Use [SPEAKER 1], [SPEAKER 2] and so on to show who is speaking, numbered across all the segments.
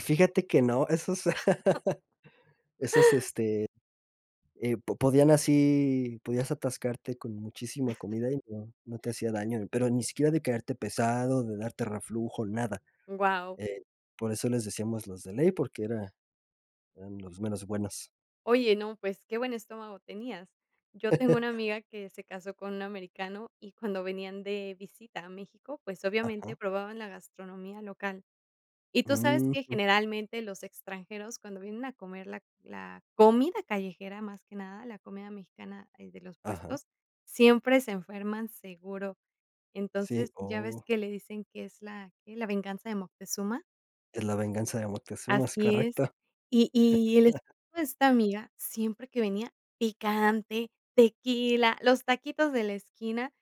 [SPEAKER 1] Fíjate que no, esos esos, este, eh, po podían así podías atascarte con muchísima comida, y no no te hacía daño, pero ni siquiera de quedarte pesado, de darte reflujo, nada.
[SPEAKER 2] ¡Guau!
[SPEAKER 1] Eh, por eso les decíamos los de ley, porque era eran los meros buenos.
[SPEAKER 2] Oye, no, pues, qué buen estómago tenías. Yo tengo una amiga que se casó con un americano y cuando venían de visita a México, pues, obviamente,
[SPEAKER 1] Ajá.
[SPEAKER 2] probaban la gastronomía local. Y tú sabes que
[SPEAKER 1] Ujú.
[SPEAKER 2] generalmente los extranjeros, cuando vienen a comer la la comida callejera, más que nada la comida mexicana de los
[SPEAKER 1] Ajá.
[SPEAKER 2] puestos, siempre se enferman seguro. Entonces,
[SPEAKER 1] Sí,
[SPEAKER 2] ya ves
[SPEAKER 1] oh.
[SPEAKER 2] que le dicen que es la que es la "Venganza de Moctezuma".
[SPEAKER 1] Es la "Venganza de Moctezuma", es
[SPEAKER 2] Así es.
[SPEAKER 1] correcto.
[SPEAKER 2] Y y y el esposo de esta amiga, siempre que venía, picante, tequila, los taquitos de la esquina,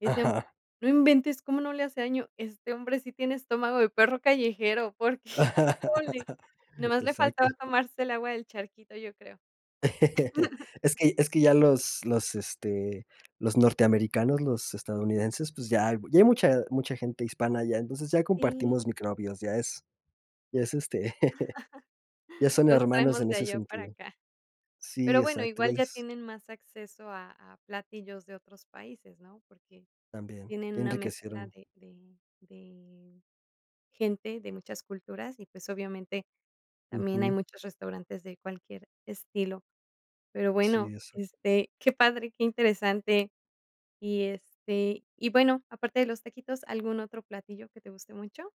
[SPEAKER 2] decían:
[SPEAKER 1] Ajá.
[SPEAKER 2] "No inventes, ¿cómo no le hace daño?, este hombre sí tiene estómago de perro callejero", porque, híjole nomás le faltaba
[SPEAKER 1] Exacto.
[SPEAKER 2] tomarse el agua del charquito, yo creo.
[SPEAKER 1] Es que es que ya los los, este, los norteamericanos, los estadounidenses, pues, ya ya hay mucha mucha gente hispana allá, entonces ya
[SPEAKER 2] Sí.
[SPEAKER 1] compartimos microbios, ya es ya es, este, ya son
[SPEAKER 2] Los
[SPEAKER 1] hermanos
[SPEAKER 2] traemos
[SPEAKER 1] en
[SPEAKER 2] de
[SPEAKER 1] ese
[SPEAKER 2] allá para
[SPEAKER 1] sentido
[SPEAKER 2] acá.
[SPEAKER 1] sí,
[SPEAKER 2] Pero bueno,
[SPEAKER 1] exacto,
[SPEAKER 2] igual ya
[SPEAKER 1] iguales.
[SPEAKER 2] tienen más acceso a a platillos de otros países, ¿no? Porque
[SPEAKER 1] También,
[SPEAKER 2] tienen
[SPEAKER 1] ya
[SPEAKER 2] una mezcla
[SPEAKER 1] enriquecieron.
[SPEAKER 2] de de de gente de muchas culturas y, pues, obviamente también hay
[SPEAKER 1] Ujú.
[SPEAKER 2] muchos restaurantes de cualquier estilo. Pero bueno,
[SPEAKER 1] Sí, eso.
[SPEAKER 2] este, qué padre, qué interesante. Y, este, y bueno, aparte de los taquitos, ¿algún otro platillo que te guste mucho?